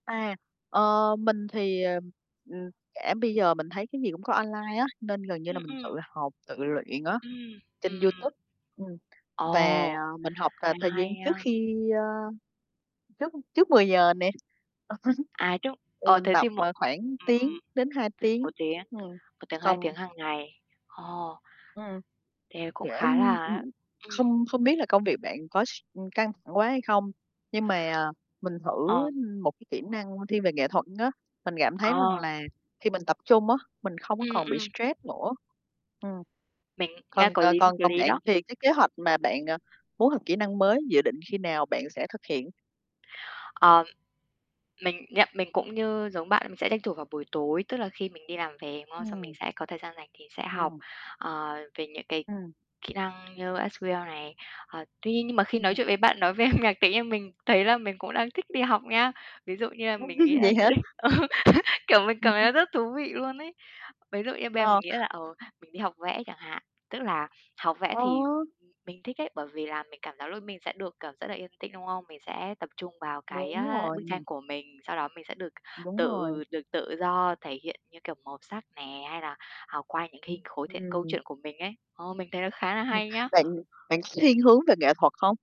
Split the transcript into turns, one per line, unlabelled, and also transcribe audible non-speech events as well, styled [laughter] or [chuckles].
À, ờ, mình thì, ờm, ừm, cả bây giờ mình thấy cái gì cũng có online á, nên gần như là
Ừm,
mình tự
ừm
học, tự luyện á,
Ừm,
trên
ừm, ừm.
YouTube. Ừm, và
Ồ!
mình học là
[unintelligible]
thời gian
hay,
trước
a
khi ơ, trước trước 10:00 nè.
À, trung
[chuckles] Thì
ờ,
mình
thế
tập,
thì một
ờ, khoảng
ừm,
tiếng đến 2
1
tiếng.
tiếng
Ừm,
1 tiếng, 2
cầm
tiếng hằng ngày. Ờ.
Ừm.
Thế cũng
Để [unintelligible]
khá
ừm,
là á ừm.
không không biết là công việc bạn có s ưm, căng thẳng quá hay không? Nhưng mà mình thử,
Ờ.
ưm, một cái kỹ năng thiên về nghệ thuật á, mình cảm thấy rằng
Ờ.
là khi mình tập trung á, mình không có
Ừm,
còn bị
ừm.
stress nữa. Ừm.
Mình nghe
Còn
có
c
lý, nghe
còn
có
còn
lý
bạn
đó.
thì cái kế hoạch mà bạn, ờ, muốn học kỹ năng mới dự định khi nào bạn sẽ thực hiện?
Ờ, mình nhận mình cũng như giống bạn mình sẽ tranh thủ vào buổi tối, tức là khi mình đi làm về, đúng không? Xong mình
Ừm.
sẽ có thời gian rảnh thì sẽ học,
Ừm.
ờ, về những cái
Ừm.
kỹ năng như SQL này. Ờ, tuy nhiên nhưng mà khi nói
Ừm.
chuyện với bạn nói về âm nhạc tự nhiên mình thấy là mình cũng đang thích đi học nhá. Ví dụ như là mình nghĩ
[chuckles]
là
Vậy
sẽ
hả?
ờ, [chuckles] kiểu, mình
Ừm
cảm
hưm.
thấy rất thú vị luôn ấy. Ví dụ như bây giờ mình
Ờ.
nghĩ là, ờ, mình đi học vẽ chẳng hạn, tức là học vẽ
Ờ.
thì [unintelligible] mình thích ấy, bởi vì là mình cảm giác luôn mình sẽ được cảm rất là yên tĩnh, đúng không? Mình sẽ tập trung vào cái,
Đúng
a, bức tranh
rồi.
của mình, sau đó mình sẽ được
Đúng rồi.
tự được tự do thể hiện như, kiểu, màu sắc nè, hay là học qua những hình
Ưm,
khối thể hiện câu
ừm.
chuyện của mình ấy. Ờ, mình thấy nó khá là
Ừm,
hay nhá.
bạn bạn có thiên
Ừm.
hướng về nghệ thuật hông?